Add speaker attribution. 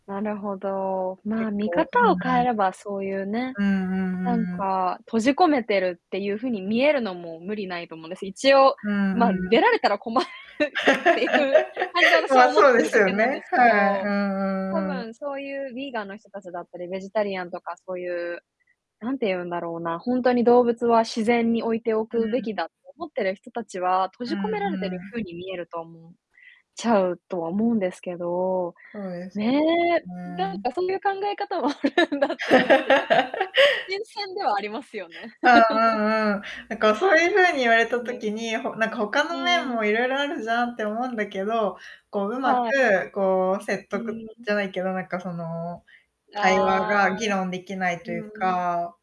Speaker 1: なるほど。まあ、
Speaker 2: 結
Speaker 1: 見
Speaker 2: 構う
Speaker 1: 方
Speaker 2: ん、
Speaker 1: を変
Speaker 2: は
Speaker 1: え
Speaker 2: い。
Speaker 1: ればそういうね、
Speaker 2: うんうんう
Speaker 1: なん
Speaker 2: んうん。
Speaker 1: か、閉じ込めてるっていう風に見えるのも、無理ないと思うんです。一応、
Speaker 2: うんう
Speaker 1: まあ、出
Speaker 2: ん。
Speaker 1: られたら困るっていう感じで 私
Speaker 2: ま
Speaker 1: は
Speaker 2: あ、
Speaker 1: 思っ
Speaker 2: そう
Speaker 1: て
Speaker 2: で
Speaker 1: る
Speaker 2: す
Speaker 1: だ
Speaker 2: よ
Speaker 1: けなんで
Speaker 2: ね、
Speaker 1: すけ
Speaker 2: はい。う
Speaker 1: ど、
Speaker 2: んう
Speaker 1: 多
Speaker 2: んうん。
Speaker 1: 分そういうヴィーガンの人たちだったり、ベジタリアンとかそういう、何て言うんだろうな、ほんとに動物は自然に置いてお
Speaker 2: う
Speaker 1: くべ
Speaker 2: ん。
Speaker 1: きだと思ってる人たちは、閉
Speaker 2: う
Speaker 1: じ込
Speaker 2: ん
Speaker 1: められてる
Speaker 2: うん。
Speaker 1: 風に見えると思うちゃうとは思うんですけど、
Speaker 2: そうです。
Speaker 1: ねえ。
Speaker 2: うー
Speaker 1: なん
Speaker 2: ん。
Speaker 1: かそういう考え方もあるんだって思って、ちょっちょっと、新 鮮ではありますよね。
Speaker 2: う んうんうん。なんかそういう風に言
Speaker 1: 確
Speaker 2: われた
Speaker 1: かに。
Speaker 2: 時に、ほなんか他
Speaker 1: う
Speaker 2: の面
Speaker 1: んう
Speaker 2: も
Speaker 1: ん。
Speaker 2: いろいろあるじゃんって思うんだけど、こう、上
Speaker 1: はい。
Speaker 2: 手くこう、説
Speaker 1: う
Speaker 2: 得
Speaker 1: ーん。
Speaker 2: じゃないけど、なんかその、会話
Speaker 1: ああ。
Speaker 2: が議論できないとい
Speaker 1: う
Speaker 2: う
Speaker 1: ん。
Speaker 2: か